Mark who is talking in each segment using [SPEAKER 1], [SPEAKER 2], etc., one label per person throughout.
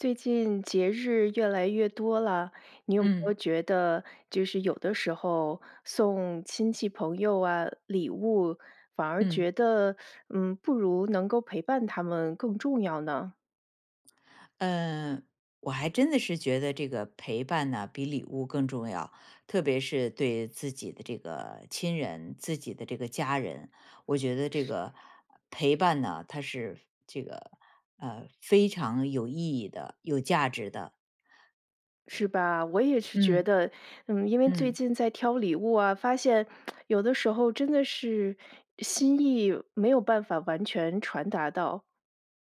[SPEAKER 1] 最近节日越来越多了，你有没
[SPEAKER 2] 嗯。
[SPEAKER 1] 有觉得就是有的时候送亲戚朋友啊礼物，反而
[SPEAKER 2] 嗯。
[SPEAKER 1] 觉得，嗯，不如能够陪伴他们更重要呢？
[SPEAKER 2] 呃，我还真的是觉得这个陪伴呢，比礼物更重要。特别是对自己的这个亲人、自己的这个家人，我觉得这个陪伴呢，它是这个，呃，非常有意义的、有价值的。
[SPEAKER 1] 是吧，我也是觉
[SPEAKER 2] 嗯。
[SPEAKER 1] 得，嗯，因为最
[SPEAKER 2] 嗯。
[SPEAKER 1] 近在挑礼物啊，发现 有的时候真的是心意没有办法完全传达到。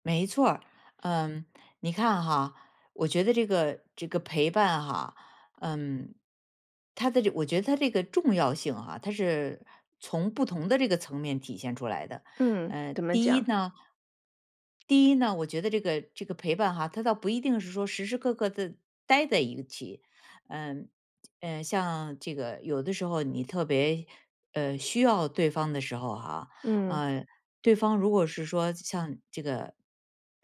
[SPEAKER 2] 没错儿，嗯。你看哈，我觉得这个这个陪伴哈，嗯。它的这我觉得它这个重要性啊，它是从不同的这个层面体现出来的。
[SPEAKER 1] 嗯，
[SPEAKER 2] 呃，
[SPEAKER 1] 怎么
[SPEAKER 2] 第一
[SPEAKER 1] 讲？
[SPEAKER 2] 呢。第一呢，我觉得这个这个陪伴哈，它倒不一定是说时时刻刻地待在一起。嗯，呃，像这个有的时候你特别，呃，需要对方的时候哈，
[SPEAKER 1] 嗯。
[SPEAKER 2] 呃，对方如果是说像这个，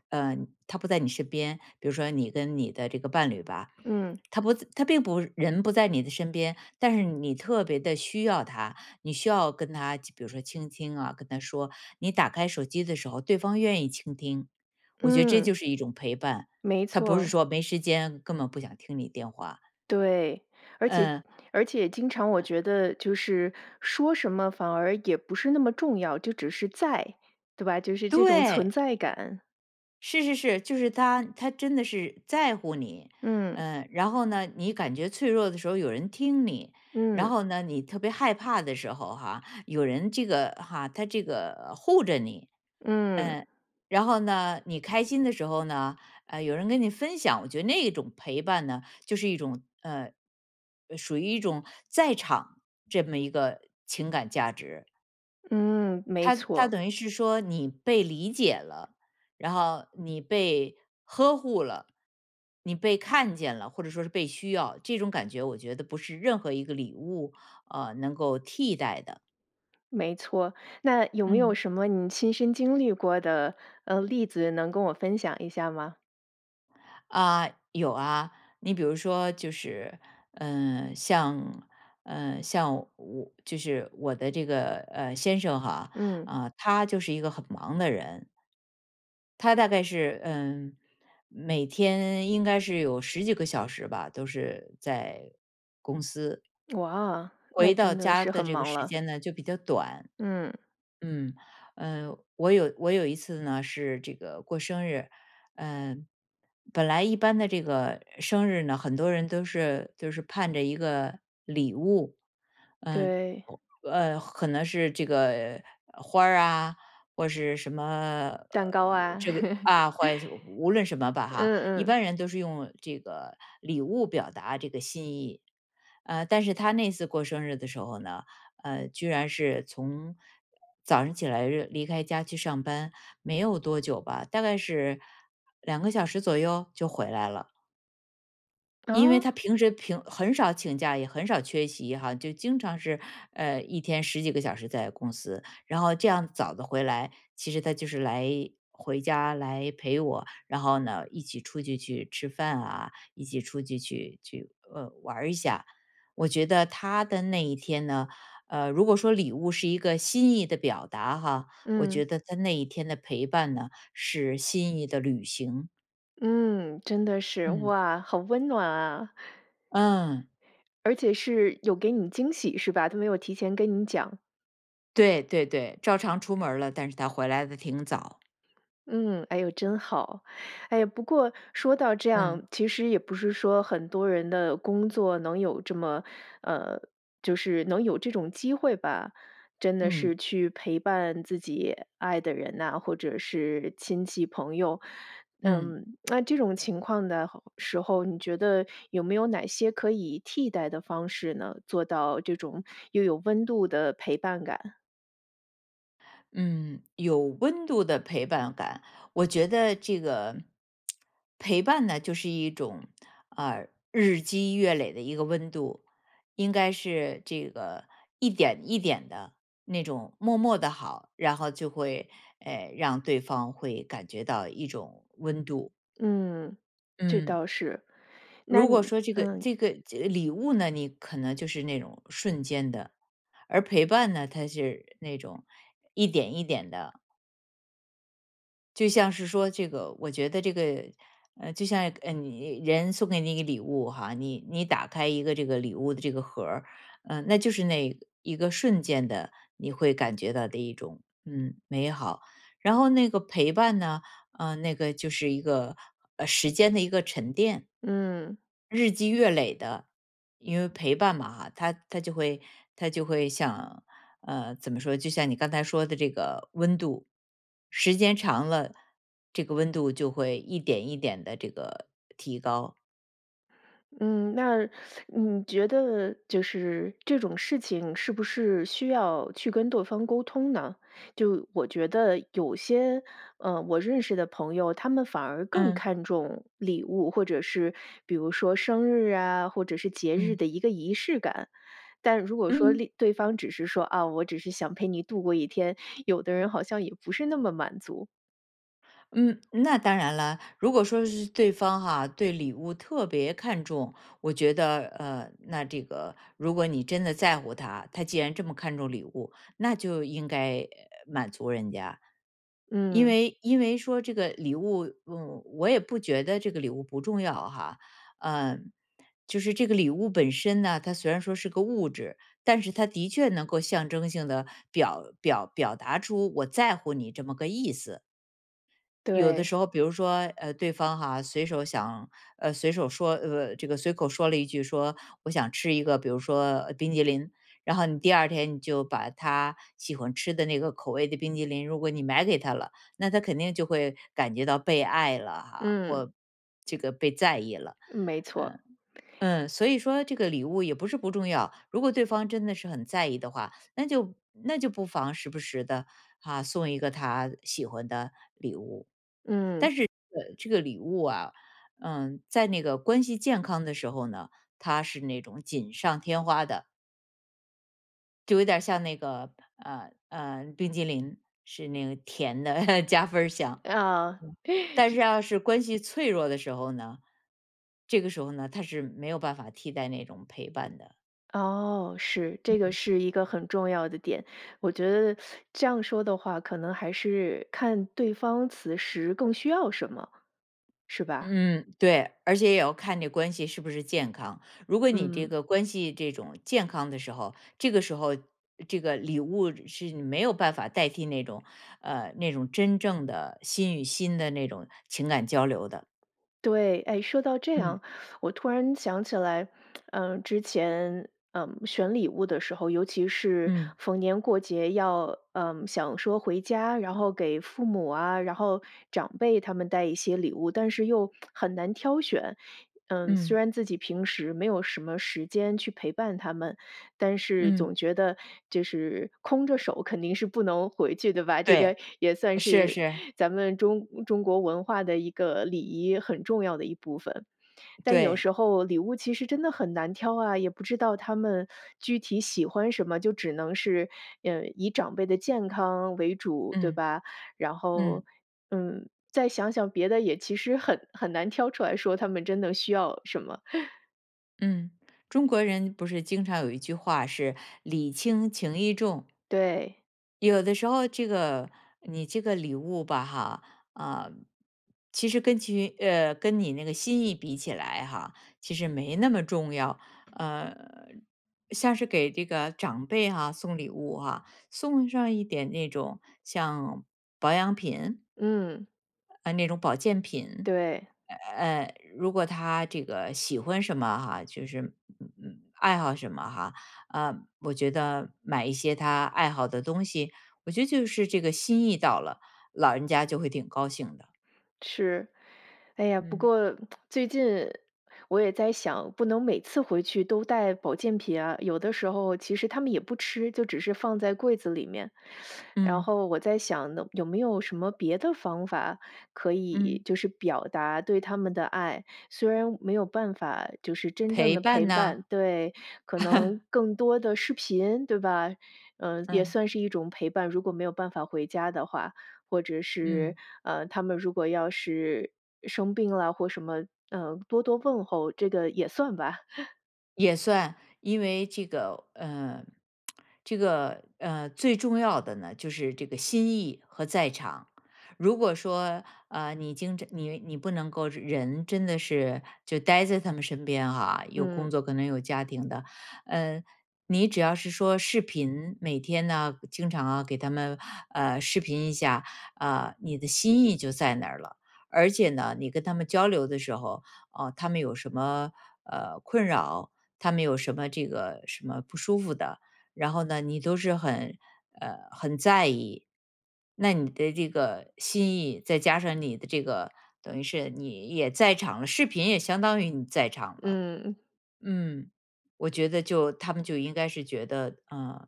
[SPEAKER 2] 呃，他不在你身边，比如说你跟你的这个伴侣吧，
[SPEAKER 1] 嗯。
[SPEAKER 2] 他不在他并不人不在你的身边，但是你特别地需要他，你需要跟他比如说倾听啊，跟他说。你打开手机的时候，对方愿意倾听，我觉得这就
[SPEAKER 1] 嗯。
[SPEAKER 2] 是一种陪伴，
[SPEAKER 1] 没
[SPEAKER 2] 它不是
[SPEAKER 1] 错。
[SPEAKER 2] 说没时间，根本不想听你电话。
[SPEAKER 1] 对，而且
[SPEAKER 2] 嗯。
[SPEAKER 1] 而且经常我觉得就是，说什么反而也不是那么重要。就只是在，对吧？就是这种存
[SPEAKER 2] 对。
[SPEAKER 1] 在感。
[SPEAKER 2] 是是是，就是他他真的是在乎你。
[SPEAKER 1] 嗯。
[SPEAKER 2] 呃，然后呢，你感觉脆弱的时候有人听你。然
[SPEAKER 1] 嗯。
[SPEAKER 2] 后呢，你特别害怕的时候哈，有人这个哈他这个护着你。
[SPEAKER 1] 嗯。
[SPEAKER 2] 嗯，然后呢，你开心的时候呢，呃，有人跟你分享。我觉得那种陪伴呢，就是一种，呃，呃，属于一种在场这么一个情感价值。
[SPEAKER 1] 嗯，没
[SPEAKER 2] 它它
[SPEAKER 1] 错。
[SPEAKER 2] 等于是说你被理解了，然后你被呵护了，你被看见了，或者说是被需要。这种感觉，我觉得不是任何一个礼物，呃，能够替代的。
[SPEAKER 1] 没错。那有没有
[SPEAKER 2] 嗯。
[SPEAKER 1] 什么你亲身经历过的，呃，例子能跟我分享一下吗？
[SPEAKER 2] 啊，有啊。你比如说就是，嗯，像，嗯，像我就是我的这个，呃，先生哈，
[SPEAKER 1] 嗯。
[SPEAKER 2] 呃，他就是一个很忙的人。他大概是，嗯，每天应该是有十几个小时吧，都是在公司，
[SPEAKER 1] 哇，那
[SPEAKER 2] 回到
[SPEAKER 1] 真的
[SPEAKER 2] 家
[SPEAKER 1] 是
[SPEAKER 2] 的
[SPEAKER 1] 很
[SPEAKER 2] 这个
[SPEAKER 1] 忙
[SPEAKER 2] 时
[SPEAKER 1] 了。
[SPEAKER 2] 间呢就比较短。
[SPEAKER 1] 嗯。
[SPEAKER 2] 嗯，呃，我有我有一次呢是这个过生日，嗯，本来一般的这个生日呢，很多人都是都是盼着一个礼物。嗯，
[SPEAKER 1] 对。
[SPEAKER 2] 呃，可能是这个，呃，花儿啊，或是什么，
[SPEAKER 1] 蛋
[SPEAKER 2] 呃，
[SPEAKER 1] 糕啊，
[SPEAKER 2] 这个，啊，怀无论什么吧哈，
[SPEAKER 1] 嗯
[SPEAKER 2] 一
[SPEAKER 1] 嗯。
[SPEAKER 2] 般人都是用这个礼物表达这个心意。呃，但是他那次过生日的时候呢，呃，居然是从早上起来喏离开家去上班，没有多久吧，大概是2个小时左右？就回来了。因为
[SPEAKER 1] 啊？
[SPEAKER 2] 他平时平很少请假，也很少缺席哈，就经常是，呃，一天十几个小时在公司。然后这样早地回来，其实他就是来回家来陪我。然后呢，一起出去，去吃饭啊，一起出去，去去呃，玩一下。我觉得他的那一天呢，呃，如果说礼物是一个心意的表达哈，我
[SPEAKER 1] 嗯。
[SPEAKER 2] 觉得他那一天的陪伴呢，是心意的履行。
[SPEAKER 1] 嗯，真的是。
[SPEAKER 2] 嗯。
[SPEAKER 1] 哇，好温暖啊！
[SPEAKER 2] 嗯。
[SPEAKER 1] 而且是有给你惊喜是吧？都没有提前跟你讲。
[SPEAKER 2] 对对对，照常出门了，但是他回来得挺早。
[SPEAKER 1] 嗯，哎哟，真好。哎，不过说到这
[SPEAKER 2] 嗯。
[SPEAKER 1] 样，其实也不是说很多人的工作能有这么呃，就是能有这种机会吧，真的
[SPEAKER 2] 嗯。
[SPEAKER 1] 是去陪伴自己爱的人呐，或者是亲戚、朋友。
[SPEAKER 2] 嗯。
[SPEAKER 1] 嗯，那这种情况的候时候，你觉得有没有哪些可以替代的方式呢？做到这种又有温度的陪伴感。
[SPEAKER 2] 嗯，有温度的陪伴感。我觉得这个 陪伴呢，就是一种，呃，日积月累的一个温度。应该是这个一点一点的，那种默默的好，然后就会，呃，让对方会感觉到一种温度。
[SPEAKER 1] 嗯，这
[SPEAKER 2] 嗯。
[SPEAKER 1] 倒是。那
[SPEAKER 2] 如果
[SPEAKER 1] 你
[SPEAKER 2] 说这个
[SPEAKER 1] 嗯。
[SPEAKER 2] 这个介礼物呢，你可能就是那种瞬间的。而陪伴呢，它就是那种一点一点的。就像是说这个我觉得这个呃，就像，呃，你人送给你一个礼物哈，你你打开一个这个礼物的这个盒儿，嗯，那就是那一个瞬间的、你会感觉到的一种，嗯，美好。然后那个陪伴呢，呃，那个就是一个，呃，时间的一个沉淀。
[SPEAKER 1] 嗯。
[SPEAKER 2] 日积月累的。因为陪伴嘛哈，它它就会它就会像呃，怎么说，就像你刚才说的这个温度。时间长了，这个温度就会一点一点地这个提高。
[SPEAKER 1] 嗯，那 你觉得就是这种事情是不是需要去跟对方沟通呢？就我觉得有些，呃，我认识的朋友，他们反而更
[SPEAKER 2] 嗯。
[SPEAKER 1] 看重礼物，或者是比如说生日啊，或者是节日
[SPEAKER 2] 嗯。
[SPEAKER 1] 的一个仪式感，但如果说
[SPEAKER 2] 嗯。
[SPEAKER 1] 另对方只是说啊：“我只是想陪你度过一天。”有的人好像也不是那么满足。
[SPEAKER 2] 嗯，那当然了，如果说是对方哈对礼物特别看重，我觉得，呃，那这个如果你真的在乎他，他既然这么看重礼物，那就应该满足人家。因
[SPEAKER 1] 嗯。
[SPEAKER 2] 为因为说这个礼物，嗯，我也不觉得这个礼物不重要哈。嗯，就是这个礼物本身呢，它虽然说是个物质，但是它的确能够象征性地表表表达出我在乎你这么个意思。有的
[SPEAKER 1] 对。
[SPEAKER 2] 时候比如说，呃，对方哈，随手想呃，随手说呃，这个随口说了一句说：“我想吃一个，比如说冰淇淋。”然后你第二天你就把他喜欢吃的那个口味的冰淇淋，如果你买给他了，那他肯定就会感觉到被爱了哈，
[SPEAKER 1] 嗯。
[SPEAKER 2] 或这个被在意了。
[SPEAKER 1] 没
[SPEAKER 2] 嗯，
[SPEAKER 1] 错。
[SPEAKER 2] 嗯，所以说这个礼物也不是不重要，如果对方真的是很在意的话，那就那就不妨时不时地，啊，送一个他喜欢的礼物。
[SPEAKER 1] 嗯。
[SPEAKER 2] 但是这个这个礼物啊，嗯，在那个关系健康的时候呢，它是那种锦上添花的。就有点像那个，呃，呃，冰淇淋，是那个甜的 加分儿项。
[SPEAKER 1] 嗯。
[SPEAKER 2] 嗯，但是
[SPEAKER 1] 是
[SPEAKER 2] 要是关系脆弱的时候呢，这个时候呢，它是没有办法替代那种陪伴的。
[SPEAKER 1] 哦，是，
[SPEAKER 2] 嗯
[SPEAKER 1] 这个
[SPEAKER 2] 嗯。
[SPEAKER 1] 是一个很重要的点。我觉得 这样说的话，可能还是看对方此时更需要什么，是吧？
[SPEAKER 2] 嗯，对。而且也要看这关系是不是健康，如果你这
[SPEAKER 1] 嗯。
[SPEAKER 2] 个关系这种健康的时候，这个时候，这个礼物是没有办法代替那种，呃，那种真正的心与心的那种情感交流的。
[SPEAKER 1] 对，哎，说到这
[SPEAKER 2] 嗯。
[SPEAKER 1] 样，我突然想起来，呃，之前，呃，选礼物的时候，尤其是
[SPEAKER 2] 嗯。
[SPEAKER 1] 逢年过节要，呃，想说回家，然后给父母啊，然后长辈他们带一些礼物，但是又 很难挑选。嗯，虽
[SPEAKER 2] 嗯。
[SPEAKER 1] 然自己平时没有什么时间去陪伴他们，但是
[SPEAKER 2] 嗯。
[SPEAKER 1] 总觉得就是空着手肯定是不能回去的吧，这
[SPEAKER 2] 对。
[SPEAKER 1] 个也算
[SPEAKER 2] 是
[SPEAKER 1] 是
[SPEAKER 2] 是。
[SPEAKER 1] 咱们中中国文化的一个礼仪，很重要的一部分。但有
[SPEAKER 2] 对。
[SPEAKER 1] 时候礼物其实真的很难挑啊，也不知道他们具体喜欢什么，就只能是，呃，以长辈的健康为主，对
[SPEAKER 2] 嗯。
[SPEAKER 1] 吧？然后，
[SPEAKER 2] 嗯。
[SPEAKER 1] 嗯，再想想别的也其实很很难挑出来说他们真的需要什么。
[SPEAKER 2] 嗯，中国人不是经常有一句话是礼轻情义重。
[SPEAKER 1] 对。
[SPEAKER 2] 有的时候这个你这个礼物吧哈，呃，其实跟据呃，跟你那个心意比起来哈，其实没那么重要，呃，像是给这个长辈哈，送礼物啊，送上一点那种像保养品
[SPEAKER 1] 嗯。
[SPEAKER 2] 呃，那种保健品，
[SPEAKER 1] 对。
[SPEAKER 2] 呃，如果他这个喜欢什么哈，就是嗯，嗯，爱好什么哈，呃，我觉得买一些他爱好的东西，我觉得就是这个心意到了，老人家就会挺高兴的。
[SPEAKER 1] 是，哎呀，不
[SPEAKER 2] 嗯。
[SPEAKER 1] 过 最近我也在想，不能每次回去都带保健品啊，有的时候其实他们也不吃，就只是放在柜子里面。然
[SPEAKER 2] 嗯。
[SPEAKER 1] 后我在想呢，有没有什么别的方法可
[SPEAKER 2] 嗯。
[SPEAKER 1] 以就是表达对他们的爱。虽然没有办法就是真正
[SPEAKER 2] 陪
[SPEAKER 1] 的
[SPEAKER 2] 伴
[SPEAKER 1] 陪
[SPEAKER 2] 呐。
[SPEAKER 1] 伴，对，可能 更多的视频对吧，嗯，也
[SPEAKER 2] 嗯。
[SPEAKER 1] 算是一种陪伴，如果没有办法回家的话。或者
[SPEAKER 2] 嗯。
[SPEAKER 1] 是，呃，他们如果要是生病了或什么，呃，多多问候，这个也算吧。
[SPEAKER 2] 也算，因为这个呃，这个呃，最重要的呢，就是这个心意和在场。如果说，呃，你经常你你不能够人真的是就待在他们身边啊，有工
[SPEAKER 1] 嗯。
[SPEAKER 2] 作，可能有家庭的。呃，你只要是说视频，每天呢经常啊，给他们，呃，视频一下，啊，你的心意就在那儿了。而且呢，你跟他们交流的时候，啊，他们有什么，呃，困扰，他们有什么这个什么不舒服的，然后呢，你都是很，呃，很在意。那你的这个心意，再加上你的这个等于是你也在场了，视频也相当于你在场了。
[SPEAKER 1] 嗯。
[SPEAKER 2] 嗯，我觉得就他们就应该是觉得，呃，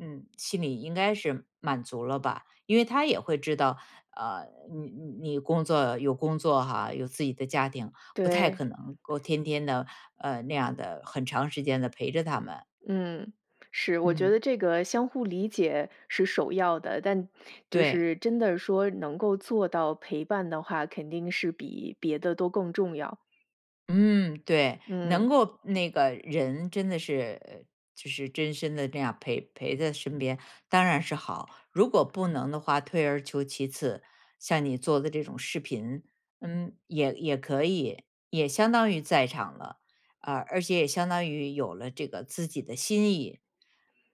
[SPEAKER 2] 嗯心里应该是满足了吧。因为他也会知道，呃你你你工作有工作哈，有自己的家庭，不太
[SPEAKER 1] 对。
[SPEAKER 2] 可能够天天地，呃，那样的很长时间地陪着他们。
[SPEAKER 1] 嗯，是。我觉
[SPEAKER 2] 嗯。
[SPEAKER 1] 得这个相互理解是首要的，但就
[SPEAKER 2] 对。
[SPEAKER 1] 是真的说能够做到陪伴的话，肯定是比别的都更重要。
[SPEAKER 2] 嗯，对。能
[SPEAKER 1] 嗯。
[SPEAKER 2] 够那个人真的是就是真身地那样儿陪陪在身边，当然是好。如果不能的话，退而求其次，像你做的这种视频，嗯，也也可以，也相当于在场了，啊，而且也相当于有了这个自己的心意，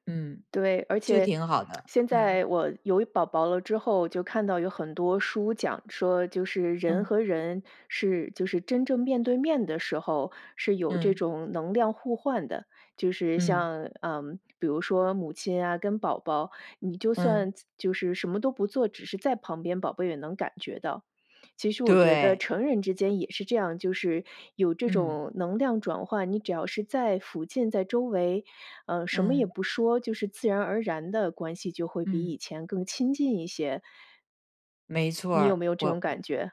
[SPEAKER 2] 嗯，
[SPEAKER 1] 对，而
[SPEAKER 2] 就
[SPEAKER 1] 且
[SPEAKER 2] 挺好 的，
[SPEAKER 1] 现
[SPEAKER 2] 嗯。
[SPEAKER 1] 在我有宝宝了之后，就看到有很多书讲说，就是人
[SPEAKER 2] 嗯。
[SPEAKER 1] 和人是就是真正面对面的时候，是有这
[SPEAKER 2] 嗯。
[SPEAKER 1] 种能量互换的。就是
[SPEAKER 2] 嗯。
[SPEAKER 1] 像，嗯，比如说母亲啊跟宝宝，你就算
[SPEAKER 2] 嗯。
[SPEAKER 1] 就是什么都不做，只是在旁边，宝贝也能感觉到。其实我觉得
[SPEAKER 2] 对。
[SPEAKER 1] 成人之间也是这样，就是有这
[SPEAKER 2] 嗯。
[SPEAKER 1] 种能量转换，你只要是在附近在周围，呃，什么也
[SPEAKER 2] 嗯。
[SPEAKER 1] 不说，就是自然而然的关系就会比
[SPEAKER 2] 嗯。
[SPEAKER 1] 以前更亲近一些。
[SPEAKER 2] 没错
[SPEAKER 1] 你有
[SPEAKER 2] 儿，
[SPEAKER 1] 没有这
[SPEAKER 2] 我
[SPEAKER 1] 种感觉？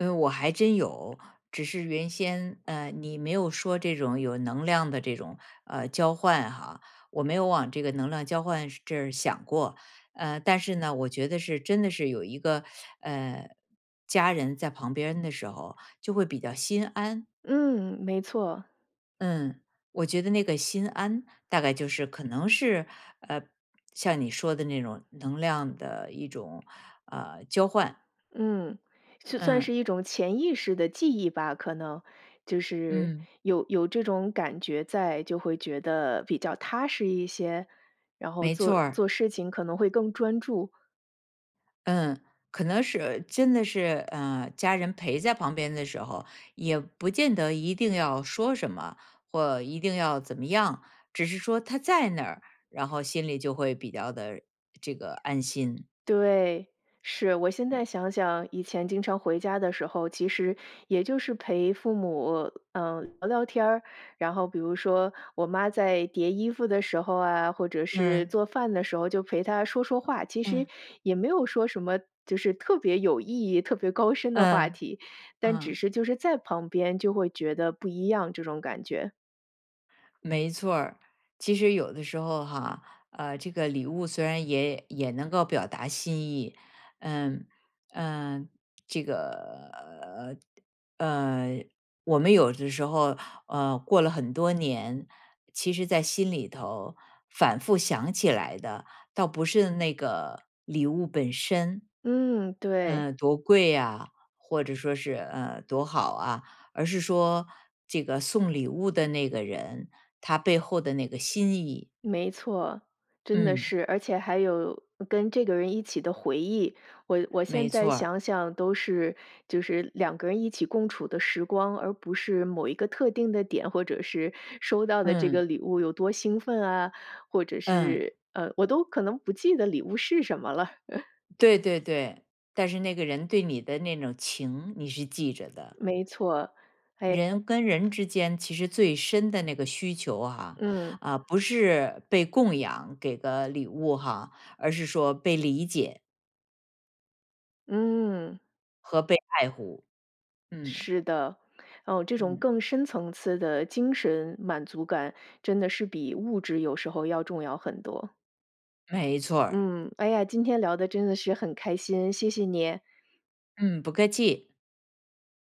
[SPEAKER 2] 嗯，我还真有，只是原先，呃，你没有说这种有能量的这种，呃，交换哈，我没有往这个能量交换这儿想过。呃，但是呢，我觉得是真的是有一个，呃，家人在旁边的时候就会比较心安。
[SPEAKER 1] 嗯，没错。
[SPEAKER 2] 嗯，我觉得那个心安，大概就是可能是，呃像你说的那种，能量的一种，呃，交换。
[SPEAKER 1] 嗯，就算是
[SPEAKER 2] 呃。
[SPEAKER 1] 一种潜意识的记忆吧，可能，就是
[SPEAKER 2] 嗯。
[SPEAKER 1] 有有这种感觉在，就会觉得比较踏实一些？然后
[SPEAKER 2] 没错
[SPEAKER 1] 做
[SPEAKER 2] 儿。
[SPEAKER 1] 做事情可能会更专注。
[SPEAKER 2] 嗯，可能是真的是呃，家人陪在旁边的时候，也不见得一定要说什么，或一定要怎么样。只是说他在那儿，然后心里就会比较地这个安心。
[SPEAKER 1] 对，是。我现在
[SPEAKER 2] 嗯。
[SPEAKER 1] 想想，以前经常回家的时候，其实也就是陪父母嗯，聊聊天。然后比如说，我妈在叠衣服的时候啊，或者是
[SPEAKER 2] 嗯。
[SPEAKER 1] 做饭的时候，就陪她说说话。其
[SPEAKER 2] 嗯。
[SPEAKER 1] 实也没有说什么就是特别有意义、特别高深的话
[SPEAKER 2] 嗯，
[SPEAKER 1] 题，但只
[SPEAKER 2] 呃。
[SPEAKER 1] 是就是在旁边就会觉得不一样，这种感觉。
[SPEAKER 2] 没错儿。其实有的时候哈，呃，这个礼物虽然也也能够表达心意，嗯，呃，这个呃，呃，我们有的时候，呃，过了很多年，其实在心里头反复想起来的，倒不是那个礼物本身，
[SPEAKER 1] 嗯，对。
[SPEAKER 2] 呃，多贵呀或者说是，呃，多好啊。而是说这个送礼物的那个人，他背后的那个心意。
[SPEAKER 1] 没错，真的
[SPEAKER 2] 嗯。
[SPEAKER 1] 是，而且还有跟这个人一起的回忆，我我现
[SPEAKER 2] 没
[SPEAKER 1] 在
[SPEAKER 2] 错儿。
[SPEAKER 1] 想想都是，就是两个人一起共处的时光，而不是某一个特定的点，或者是收到的这个
[SPEAKER 2] 嗯。
[SPEAKER 1] 礼物有多兴奋啊，或者
[SPEAKER 2] 嗯。
[SPEAKER 1] 是呃，我都可能不记得礼物是什么了。
[SPEAKER 2] 对对对，但是那个人对你的那种情，你是记着的。
[SPEAKER 1] 没错。哎。
[SPEAKER 2] 人跟人
[SPEAKER 1] [unintelligible]
[SPEAKER 2] 之间其实最深的那个需求哈，
[SPEAKER 1] 嗯。
[SPEAKER 2] 啊，不是被供养给个礼物哈，而是说被理解。
[SPEAKER 1] 嗯。
[SPEAKER 2] 和被爱护，嗯。
[SPEAKER 1] 是的，哦，这种
[SPEAKER 2] 嗯。
[SPEAKER 1] 更深层次的精神满足感，真的是比物质有时候要重要很多。
[SPEAKER 2] 没错儿。
[SPEAKER 1] 嗯，哎呀今天聊得真的是很开心，谢谢你。
[SPEAKER 2] 嗯，不客气。